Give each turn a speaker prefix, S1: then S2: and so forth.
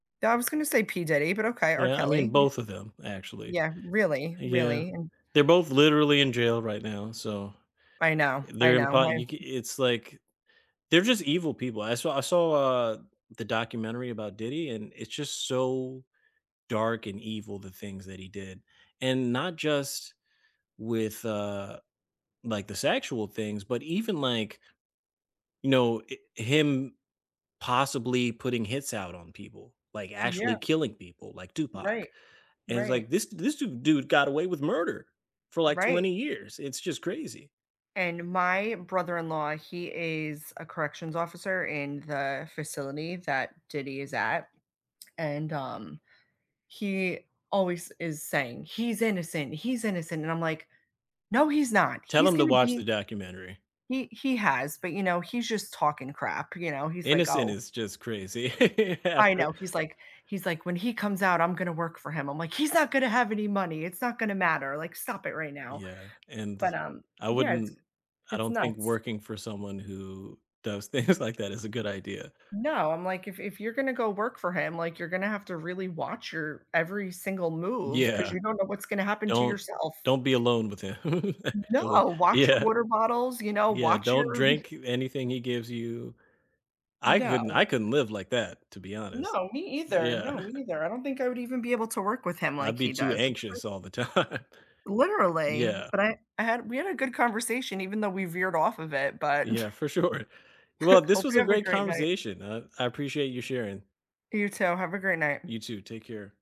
S1: I was gonna say P Diddy, but okay, R.
S2: Yeah, I mean
S1: Kelly.
S2: both of them actually.
S1: Yeah, really
S2: Yeah,
S1: really, and
S2: they're both literally in jail right now, so,
S1: I know,
S2: uh,
S1: I
S2: they're in
S1: know, my
S2: part you ca
S1: f
S2: it's, like They're just evil people, I saw I saw, uh, the documentary about Diddy, and it's just so dark and evil, the things that he did, and not just with, uh, like, the sexual things, but even like No, it Him possibly putting hits out on people, like,
S1: Yeah.
S2: actually killing people, like Tupac,
S1: Right.
S2: and it's
S1: Right.
S2: like, this this du dude got away with murder for, like,
S1: Right.
S2: 20 years, it's just crazy.
S1: And my brother-in-law, he is a corrections officer in the facility that Diddy is at, and, um, he always is saying, "He's innocent. He's innocent." And I'm like, "No, he's not.
S2: Tell
S1: He's
S2: 'em to
S1: gonna
S2: watch the
S1: be"
S2: documentary.
S1: He he has, but, you know, he's just talking to crap, you know? He's like,
S2: Innocent
S1: "Oh"
S2: is just crazy,
S1: I
S2: after
S1: know, he's like he's like, "When he comes out, I'm gonna work for him." I'm like, "He's not gonna have any money, it's not gonna matter. Like, stop it right now."
S2: Yeah, and
S1: but, um
S2: I
S1: Yeah, it's
S2: wouldn't I
S1: it's
S2: don't think
S1: nuts.
S2: working for someone who does things like that is a good idea.
S1: No, I'm like, "If if you're gonna go work for him, like, you're gonna have to really watch your every single move 'cause
S2: Yeah.
S1: you don't know what's gonna happen to
S2: "Don't
S1: yourself."
S2: don't be alone with him,
S1: No,
S2: actually."
S1: "Watch your
S2: Yeah.
S1: water bottles, you know?
S2: Yeah,
S1: Watch
S2: "Don't
S1: your" mm.
S2: drink you anything he gives you." I couldn't
S1: No.
S2: I couldn't live like that, to be honest.
S1: No, me either.
S2: Yeah.
S1: No, me neither, I don't think I would even be able to work with him like
S2: I'd be
S1: he
S2: too
S1: does. It's crazy.
S2: anxious all the time.
S1: Literally,
S2: Yeah.
S1: but I I had we had a good conversation even though we veered off of it, but
S2: Yeah, for sure. Well, this
S1: Hope
S2: was
S1: you
S2: a
S1: have a
S2: great
S1: great night.
S2: conversation, uh, I appreciate you sharing.
S1: You, too, have a great night.
S2: You, too, take care.